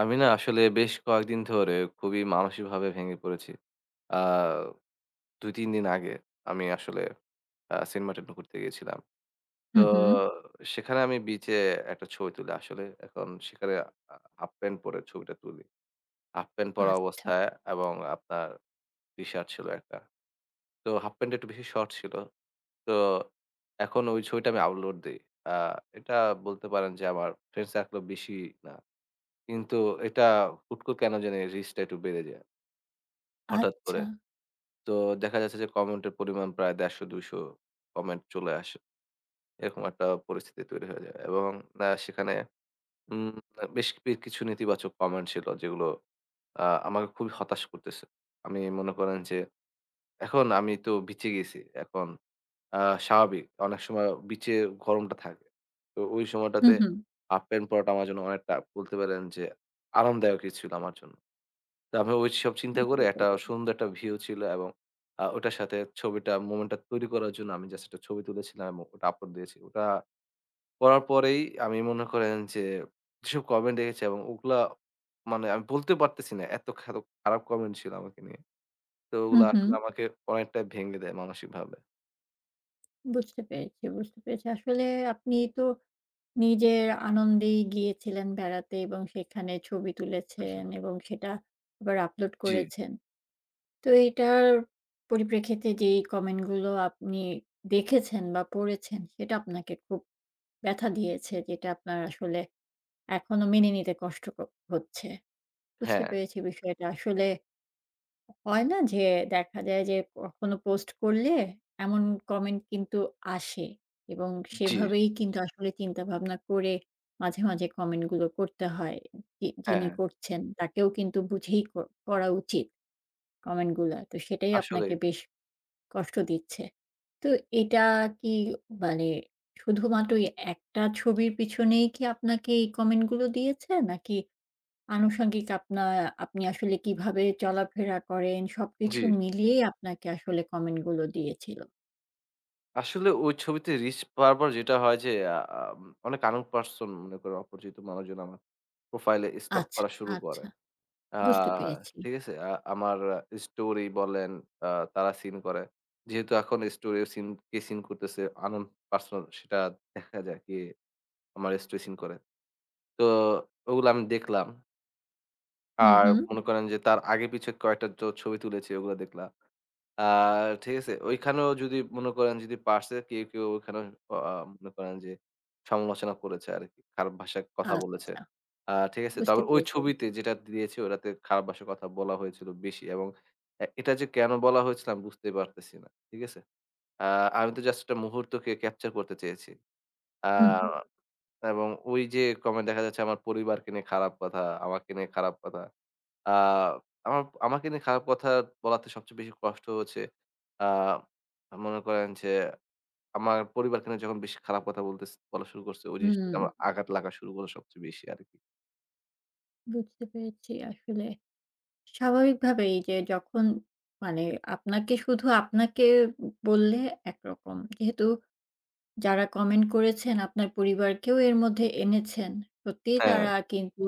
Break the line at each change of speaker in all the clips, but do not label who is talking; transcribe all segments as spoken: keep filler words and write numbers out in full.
আমি না আসলে বেশ কয়েকদিন ধরে খুবই মানসিকভাবে ভেঙে পড়েছি। আ দুই-তিন দিন আগে আমি আসলে আ সেন্টমার্টি‌ন একটু ঘুরতে গিয়েছিলাম।
হু,
তো
হুম।
সেখানে আমি বিচে একটা ছবি তুলে আসলে। এখন সেখানে হাঁ হাফ প্যান্ট পরে ছবিটা তুলি। হাফ প্যান্ট পরা
আচ্ছা।
অবস্থায় এবং আপনার টি-শার্ট ছিল একটা। তো হাফ প্যান্টটা একটু বেশি শর্ট ছিল। তো এখন ওই ছবিটা আমি আপলোড দেই। আ এটা বলতে পারেন যে, আমার ফ্রেন্ড সার্কেল বেশি না। কিন্তু এটা হুট করে কেনো জানি রিচটা একটু বেড়ে যায় হঠাৎ করে।
আচ্ছা।
তো দেখা যাচ্ছে যে কমেন্ট এর পরিমাণ প্রায় দেড়শ-দুইশ কমেন্ট চলে আসে। এরকম একটা পরিস্থিতি তৈরি হয়ে যায় এবং আ সেখানে উম আ বেশ [unintelligible] কিছু নেতিবাচক কমেন্ট ছিল, যেগুলো আ আমাকে খুবই হতাশ করতেছে। আমি মনে করেন যে, এখন আমি তো বিচে গিয়েছি। এখন আ স্বাভাবিক অনেক সময় বিচে গরমটা থাকে। তো ওই
হু,
সময়টাতে
হুম।
হাফ প্যান্ট পরাটা আমার জন্য অনেকটা বলেতে পারেন যে আনন্দদায়কই ছিল আমার জন্য। তো আমি ওইসব চিন্তা করে,
বুঝতে
একটা
পেরেছি।
সুন্দর একটা ভিউ ছিল এবং আ ওইটার সাথে ছবিটা, মোমেন্টটা তৈরি করার জন্য আমি just একটা ছবি তুলেছিলাম এবং ওটা আপলোড দিয়েছিলাম। ওটা করার পরেই আমি মনে করেন যে, যেসব কমেন্ট দেখেছি, এবং ওগুলা মানে আমি বলতে পারতেছি না এত খার খারাপ কমেন্ট ছিল আমাকে নিয়ে। তো
হুম,
ওগুলা এখন
হুম।
আসলে আমাকে অনেকটাই ভেঙে দেয় মানসিকভাবে।
বুঝতে পেরেছি। বুঝতে পেরেছি। আসলে আপনি তো নিজের আনন্দেই গিয়েছিলেন বেড়াতে এবং সেখানে ছবি তুলেছেন
উহুম।
এবং সেটা আবার upload
জি।
করেছেন। তো এইটার পরিপ্রেক্ষিতে যেই comment গুলো আপনি দেখেছেন বা পড়েছেন সেটা আপনাকে খুব ব্যথা দিয়েছে, যেটা আপনার আসলে এখনও মেনে নিতে কষ্ট ক হচ্ছে। বুঝতে
হ্যাঁ।
পেরেছি বিষয়টা। আসলে হয় না? যে দেখা যায় যে, কখনো post করলে এমন comment কিন্তু আসে এবং
জি।
সেভাবেই কিন্তু আসলে চিন্তাভাবনা করে মাঝে, মাঝে comment গুলো করতে হয়। যি
হ্যাঁ,
যিনি
হ্যাঁ।
করছেন তাকেও কিন্তু বুঝেই ক করা উচিত comment গুলা। তো সেটাই
আসলেই।
আপনাকে বেশ কষ্ট দিচ্ছে। তো এটা কি মানে শুধুমাত্র ওই একটা ছবির পিছনেই কি আপনাকে এই comment গুলো দিয়েছে? নাকি আনুষাঙ্গিক আপনা আপনি আসলে কিভাবে চলাফেরা করেন, সবকিছু
জি।
মিলিয়েই আপনাকে আসলে comment গুলো দিয়েছিল?
আসলে ওই ছবিতে reach পাওয়ার পর যেটা হয় যে আ আম অনেক unknown person মনে করেন অপরিচিত মানুষজন আমার profile এ স্টক
আচ্ছা,
করা শুরু করে।
আচ্ছা,
আ
বুঝতে পেরেছি।
ঠিক আছে? আ আমার আ story বলেন আ তারা seen করে। যেহেতু এখন story ও seen কে seen করতেছে unknown person সেটা দেখা যায়, কে আমার story seen করে? তো ওগুলা আমি দেখলাম।
হুম,
আর
হুম।
মনে করেন যে তার আগে পিছে কয়েকটা যো ছবি তুলেছি ওগুলা দেখলা। আ ঠিক আছে? ওইখানেও যদি মনে করেন যদি পারছে কেউ, কেউ, ওখানে অ আ মনে করেন যে, সমালোচনা করেছে আরকি। খারাপ ভাষায় কথা বলেছে।
আচ্ছা
আ ঠিক আছে?
বুঝতে
তারপর ওই
পেরেছি।
ছবিতে যেটা দিয়েছি ওটাতে খারাপ ভাষায় কথা বলা হয়েছিল বেশি এবং এ এটা যে কেনো বলা হয়েছিল আমি বুঝতেই পারতেছি না। ঠিক আছে? আ আমি তো just একটা মুহূর্তকে capture করতে চেয়েছি। আ
হুম, হু।
এবং ওইযে comment দেখা যাচ্ছে আমার পরিবারকে নিয়ে খারাপ কথা, আমাকে নিয়ে খারাপ কথা। আ আমা আমাকে নিয়ে খারাপ কথা বলাতে সবচেয়ে বেশি কষ্ট হচ্ছে। আ মনে করেন যে আমার পরিবারকে নিয়ে যখন বেশি খারাপ কথা বলতেসে বলা শুরু করছে ওই জিনিসটা
হুম।
আমার আঘাত লাগা শুরু হলো সবচেয়ে বেশি আরকি।
বুঝতে পেরেছি। আসলে স্বাভাবিকভাবেই যে যখন মানে আপনাকে শুধু আপনাকে বললে একরকম। যেহেতু যারা comment করেছেন আপনার পরিবারকেও এর মধ্যে এনেছেন। সত্যিই
হ্যাঁ।
তারা কিন্তু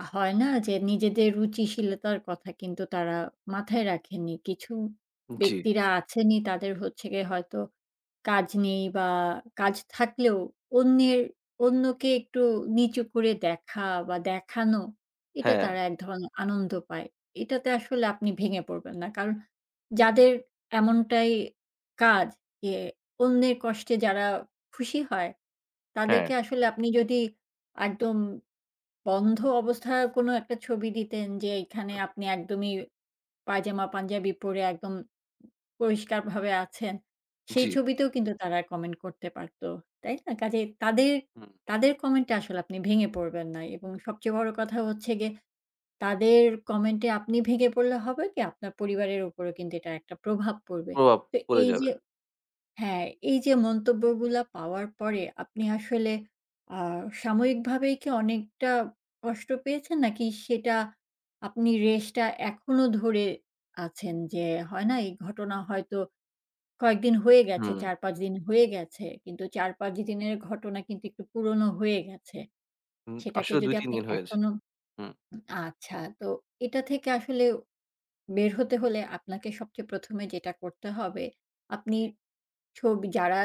আ হয় না যে নিজেদের রুচিশীলতার কথা কিন্তু তারা মাথায় রাখেননি। কিছু
জি।
ব্যক্তিরা আছেনই তাদের হচ্ছে গিয়ে হয়তো কাজ নেই। বা কাজ থাকলেও অন্যের অন্যকে একটু নিচু করে দেখা বা দেখানো। এটা
হ্যাঁ।
তারা এক ধরনের আনন্দ পায়। এটাতে আসলে আপনি ভেঙে পড়বেন না। কারণ যাদের এমনটাই কাজ যে অন্যের কষ্টে যারা খুশি হয়,
হ্যাঁ।
তাদেরকে আসলে আপনি যদি একদম বন্ধ অবস্থায়ও কোনো একটা ছবি দিতেন যে এখানে আপনি একদমই পায়জামা-পাঞ্জাবি পড়ে একদম পরিষ্কারভাবে আছেন। সেই
জি।
ছবিতেও কিন্তু তারা comment করতে পারত, তাই না? কাজেই তাদের
হুম।
তাদের, comment-এ আসলে আপনি ভেঙে পড়বেন না এবং সবচেয়ে বড় কথা হচ্ছে গিয়ে তাদের comment-এ আপনি ভেঙে পড়লে হবে কি, আপনার পরিবারের উপরও কিন্তু এটার একটা প্রভাব পড়বে।
প্রভাব
তো
পড়ে যাবে।
এইযে হ্যাঁ, এইযে মন্তব্যগুলা পাওয়ার পরে আপনি আসলে আ সাময়িকভাবেই কি অনেকটা কষ্ট পেয়েছেন? নাকি সেটা আপনি রেশটা এখনও ধরে আছেন? যে হয় না এই ঘটনা হয়তো কয়েকদিন হয়ে গেছে
হুম।
চার-পাঁচ দিন হয়ে গেছে। কিন্তু চার-পাঁচ দিনের ঘটনা কিন্তু একটু পুরনো হয়ে গেছে।
উ
সেটাকে
আসলে
যদি
দুই-তিন
আপনি
দিন হয়েছে।
এখনও
হুম।
আচ্ছা তো এটা থেকে আসলে বের হতে হলে আপনাকে সবচেয়ে প্রথম এ যেটা করতে হবে, আপনি ছবি যারা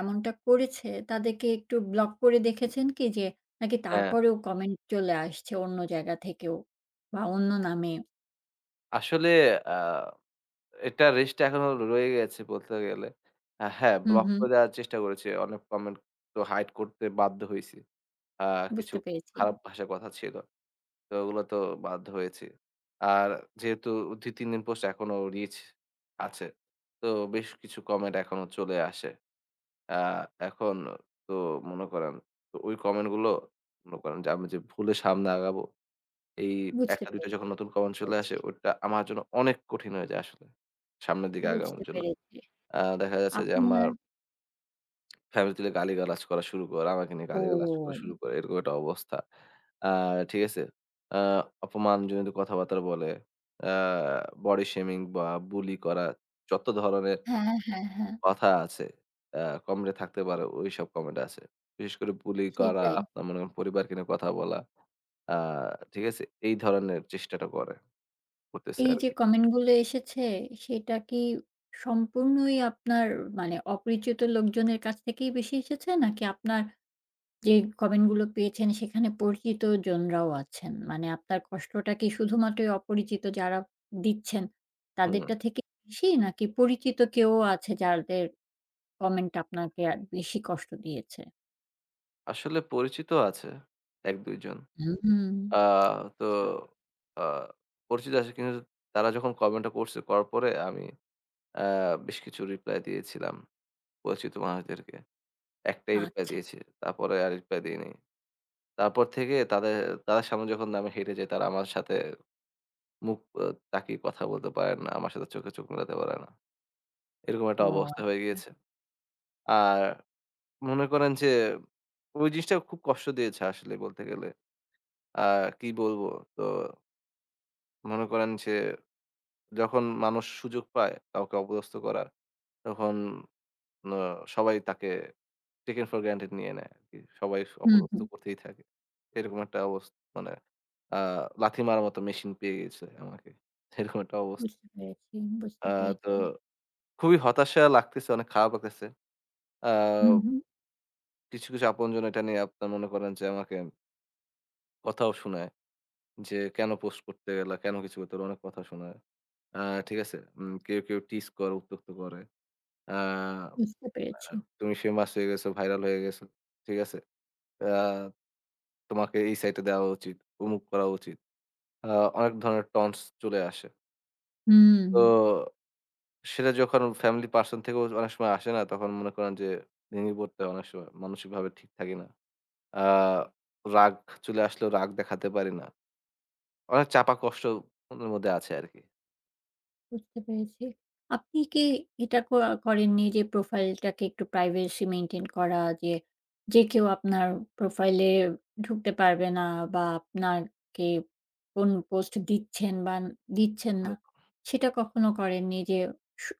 এমনটা করেছে তাদেরকে একটু block করে দেখেছেন কি? যে নাকি
হ্যাঁ।
তারপরেও comment চলে আসছে অন্য জায়গা থেকেও? বা অন্য নামে?
আসলে আ এটার রেশটা এখনো র রয়ে গেছে বলতে গেলে। অ্যা হ্যাঁ,
হুম,
block
হুম।
করে দেয়ার চেষ্টা করেছি, অনেক comment তো hide করতে বাধ্য হয়েছি। আ কিছু
বুঝতে পেরেছি।
খারাপ ভাষায় কথা ছিল। তো ওগুলো তো বাধ্য হয়েছি। আর যেহেতু দুই-তিন দিন পোস্ট এখনো reach আছে, তো বেশ কিছু comment এখনো চলে আসে। আ এখন তো মনে করেন তো ওই comment গুলো, মনে করেন যে, আমি যে ভুলে সামনে আগাবো, এই
বুঝতে পে
একটা-দুইটা যখন নতুন comment চলে
পেরেছি।
আসে ওইটা আমার জন্য অনেক কঠিন হয়ে যায় আসলে, সামনের দিকে
বুঝতে
আগানোর জন্য।
পেরেছি।
আ দেখা যাচ্ছে যে আমার
আপনার
family তুলে গালিগালাজ করা শুরু করে, আমাকে নিয়ে গালিগালাজ করা
ওম
শুরু করে এরকম একটা অবস্থা। আ ঠিক আছে? আ অপমানজনিত কথাবার্তা বলে, অ্যা body shaming বা bully করা, যত ধরনের
হ্যাঁ, হ্যাঁ, হ্যাঁ, হ্যাঁ।
কথা আছে, অ্যা কমরে এ থাকতে পারো, ঐসব comment আছে। বিশেষ করে bully করা,
সেটাই।
আ মনে করেন পরিবারকে নিয়ে কথা বলা, আ ঠিক আছে? এই ধরনের চেষ্টাটা করে, করতেছে
এইযে
আরকি।
comment গুলো এসেছে, সেটা কি সম্পূর্ণই আপনার মানে অপরিচিত লোকজনের কাছ থেকেই বেশি এসেছে? নাকি আপনার যে comment গুলো পেয়েছেন সেখানে পরিচিতজনরাও আছেন? মানে আপনার কষ্টটা কি শুধুমাত্রই অপরিচিত যারা দিচ্ছেন, তাদেরটা
হুম।
থেকে বেশি? নাকি পরিচিত কেউ আছে যাদের comment আপনাকে আ বেশি কষ্ট দিয়েছে?
আসলে পরিচিত আছে এক-দুই জন।
উ হুম।
আ তো
আচ্ছা।
আ পরিচিত আছে কিঞ্জ তারা যখন comment টা করছে, করার পরে আমি, আ বেশ কিছু reply দিয়েছিলাম, পরিচিত মানুষদেরকে। একটাই reply
আচ্ছা।
দিয়েছি, তারপরে আর reply দেইনাই। তারপর থেকে তাদের তাদের সামনে যখন আমি হেঁটে যাই তারা আমার সাথে মুখ, অ তাকিয়ে কথা বলতে পারেন না, আমার সাথে চোখে চোখ মেলাতে পারে না। এরকম
ও
একটা অবস্থা হয়ে
আচচা।
গিয়েছে। আর মনে করেন যে, ঐ জিনিসটা খুব কষ্ট দিয়েছে আসলেই বলতে গেলে। আ কি বলবো? তো মনে করেন যে যখন মানুষ সুযোগ পায় কাউকে অপদস্থ করার তখন ন সবাই তাকে taken for granted নিয়ে নেয় আরকি। সবাই স
হুম,
অপদস্থ
হুম।
করতেই থাকে। এরকম একটা অবস্থা মানে, আ লাথি মারার মত মেশিন পেয়ে গেছে আমাকে, এরকম একটা অবস্থা
বুঝতে পেরেছি,
আ
বুঝতে
তো
পেরেছি।
খুবই হতাশা লাগতেছে, অনেক খারাপ লাগতেছে। আ
হুম, হুম।
কিছু, কিছু, আপনজন এটা নিয়ে আপনার মনে করেন যে আমাকে কথাও শোনায় যে, কেনো post করতে গেলা, কেনো কিছু করতে গেলা? অনেক কথা শোনায়। আ ঠিক আছে? উম কেউ, কেউ tease করে, উত্যক্ত করে। আ
বুঝতে
আ
পেরেছি।
তুমি famous হয়ে গেছো, viral হয়ে গেছো। ঠিক আছে? আ তোমাকে এই site এ দেওয়া উচিত, অমুক করা উচিত। আ অনেক ধরনের taunts চলে আসে তো
হুম।
সেটা যখন family person থেকেও অনেক সময় আসে না তখন মনে করেন যে, ভেঙ্গে পরতে অনেক সময় মানসিকভাবে ঠিক থাকি না। আ রাগ চলে আসলেও রাগ দেখাতে পারি না। অনেক চাপা কষ্ট মনের মধ্যে আছে আরকি।
বুঝতে পেরেছি। আপনি কি এটা ক করেন নি যে, profile টাকে একটু privacy maintain করা যে, যে কেউ আপনার profile এ ঢুকতে পারবে না বা আপনার কে কোনো post দিচ্ছেন বান দিচ্ছেন না,
হু।
সেটা কখনো করেননি? যে সু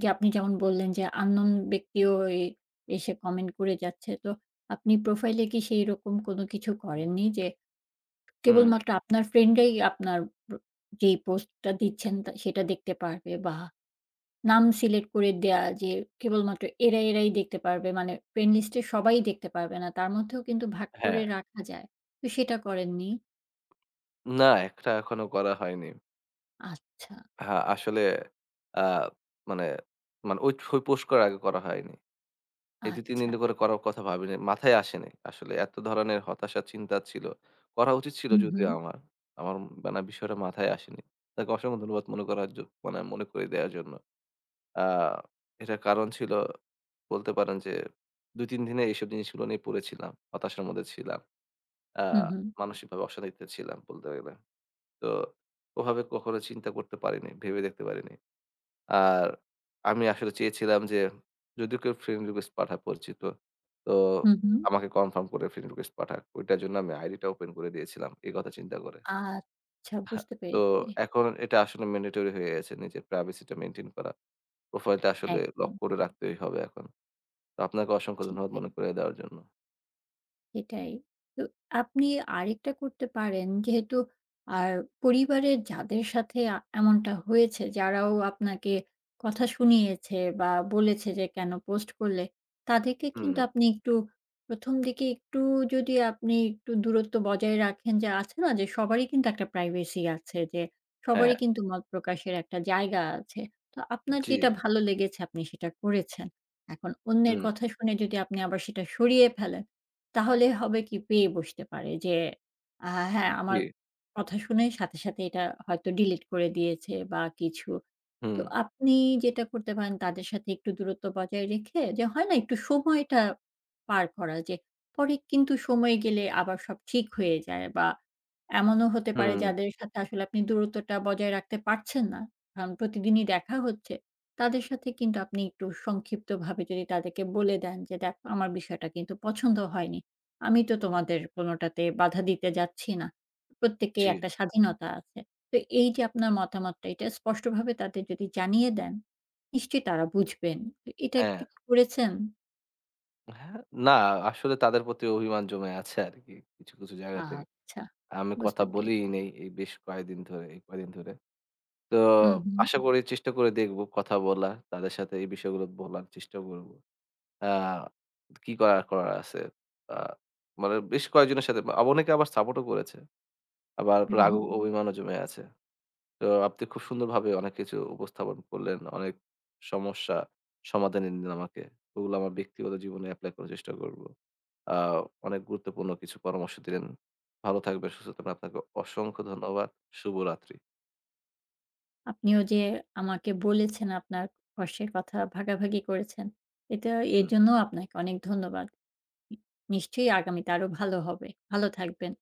যে আপনি যেমন বললেন যে, unknown ব্যক্তিও ওই এসে comment করে যাচ্ছে। তো আপনি profile এ কি সেই রকম কোনো কিছু
উঁ
করেননি যে,
হুম।
কেবলমাত্র আপনার friend রাই আপনার প যেই post টা দিচ্ছেন তা সেটা দেখতে পারবে বা নাম select করে দেয়া যে, কেবলমাত্র এরা, এরাই দেখতে পারবে, মানে friend list এ সবাই দেখতে পারবে না। তার মধ্যেও কিন্তু ভাগ করে
হ্যাঁ।
রাখা যায়, তো সেটা করেননি?
না, এক টা এখনো করা হয়নি।
আচ্ছা।
হা, আসলে, আ মানে, মানে ঐ ছবি post করার আগে করা হয়নি। এই দুই, তিন দিন
আচ্ছা।
ধরে করার কথা ভাবিনি, মাথায় আসেনি। আসলে এত ধরনের হতাশা, চিন্তা ছিল। করা উচিত ছিল
হু,
যদিও
হু।
আমার। আমার মানে বিষয়টা মাথায় আসেনি। যাক অসংখ্য ধন্যবাদ মনে করার জ মানে মনে করে দেয়ার জন্য। আ এটার কারণ ছিলো বলতে পারেন যে দুই, তিন দিনে এইসব জিনিসগুলো নিয়ে পড়ে ছিলাম, হতাশার মধ্যে ছিলাম। আ
হু, হু।
মানসিকভাবে অশান্তিতে ছিলাম বলতে গেলে। তো ওভাবে কখনো চিন্তা করতে পারিনি, ভেবে দেখতে পারিনি। আর আমি আসলে চেয়েছিলাম যে, যদিও কেউ friend request পাঠায় পরিচিত, তো
হু, হু।
আমাকে confirm করে friend request পাঠাক। ঐটার জন্য আমি ID টা open করে দিয়েছিলাম, এই কথা চিন্তা করে।
আচ্ছা,
আহ!
বুঝতে
তো
পেরেছি।
এখন এটা আসলে mandatory হয়ে গেছে নিজের privacy টা maintain করা। profile টা আসলে lock
একদম।
করে রাখতেই হবে এখন। তো আপনাকে অসংখ্য
জ্বি,
ধন্যবাদ
ঠিক।
মনে করিয়ে দেয়ার জন্য।
সেটাই। তো আপনি আরেকটা করতে পারেন, যেহেতু আর পরিবারের যাদের সাথে আ এমনটা হয়েছে, যারাও আপনাকে কথা শুনিয়েছে বা বলেছে যে "কেনো post করলে?" তাদেরকে কিন্তু
হুম।
আপনি একটু প্রথমদিকে একটু যদি আপনি একটু দূরত্ব বজায় রাখেন। যে আছে না? যে, সবারই কিন্তু একটা privacy আছে যে সবারই
হ্যাঁ।
কিন্তু মত প্রকাশের একটা জায়গা আছে। তো আপনার
জ্বি।
যেটা ভালো লেগেছে আপনি সেটা করেছেন। এখন অন্যের
হুম।
কথা শুনে যদি আপনি আবার সেটা সরিয়ে ফেলেন তাহলে হবে কি? পেয়ে বসতে পারে। যে, "আহা হ্যাঁ,
উম
আমার
জ্বি।
কথা শুনেই সাথে, সাথে এটা হয়তো delete করে দিয়েছে" বা কিছু। তো
হুম।
আপনি যেটা করতে পারেন তাদের সাথে একটু দূরত্ব বজায় রেখে, যে হয় না? একটু সময়টা পার করা যে, পরে কিন্তু সময় গেলে আবার সব ঠিক হয়ে যায়। বা এমনও হতে পারে
হুম।
যাদের সাথে আসলে আপনি দূরত্বটা বজায় রাখতে পারছেন না, কারণ প্রতিদিনই দেখা হচ্ছে। তাদের সাথে কিন্তু আপনি একটু সংক্ষিপ্তভাবে যদি তাদেরকে বলে দেন। যে "দেখো আমার বিষয়টা কিন্তু পছন্দ হয়নি। আমি তো
উ
তোমাদের কোনটাতে বাধা দিতে যাচ্ছি না। প্রত্যেকেরই
জ্বি।
একটা স্বাধীনতা আছে।" তো এই যে আপনার মতামতটা এটা স্পষ্টভাবে তাদের যদি জানিয়ে দেন, নিশ্চয়ই তারা বুঝবেন। তো এটা
হ্যাঁ।
ঠিক করেছেন?
হ্যাঁ, না, আসলে তাদের প্রতি অভিমান জমে আছে আরকি কিছু, কিছু, জায়গাতে।
আচ্ছা।
আমি
বুঝতে
কথা
পেরেছি।
বলিই নাই এই বেশ কয়েকদিন ধরে, এই কয়েকদিন ধরে। তো
হু, হু।
আশা করি চেষ্টা করে দেখব কথা বলা তাদের সাথে এই বিষয়গুলো বলার চেষ্টা করব। আ কি করার করার আছে। আ মানে বেশ কয়েকজনের সাথে বা অনেকে আবার support ও করেছে। আবার
হু,
রাগ
হু।
অ অভিমানও জমে আছে। তো আপনি খুব সুন্দরভাবে অনেক কিছু উপস্থাপন করলেন। অনেক সমস্যা সমাধান এনে দিলেন আমাকে। ওগুলো আমার ব্যক্তিগত জীবনে apply করার চেষ্টা করব। আ অনেক গুরুত্বপূর্ণ কিছু পরামর্শ দিলেন। ভালো থাকবেন, সুস্থ থাকবেন। আপনাকে অসংখ্য ধন্যবাদ। শুভরাত্রি।
আপনিও যে আমাকে বলেছেন আপনার কষ্টের কথা ভাগাভাগি করেছেন। এতে
হুম।
এজন্যও আপনাকে অনেক ধন্যবাদ। নি নিশ্চয়ই আগামীতে আরও ভালো হবে। ভালো থাকবেন।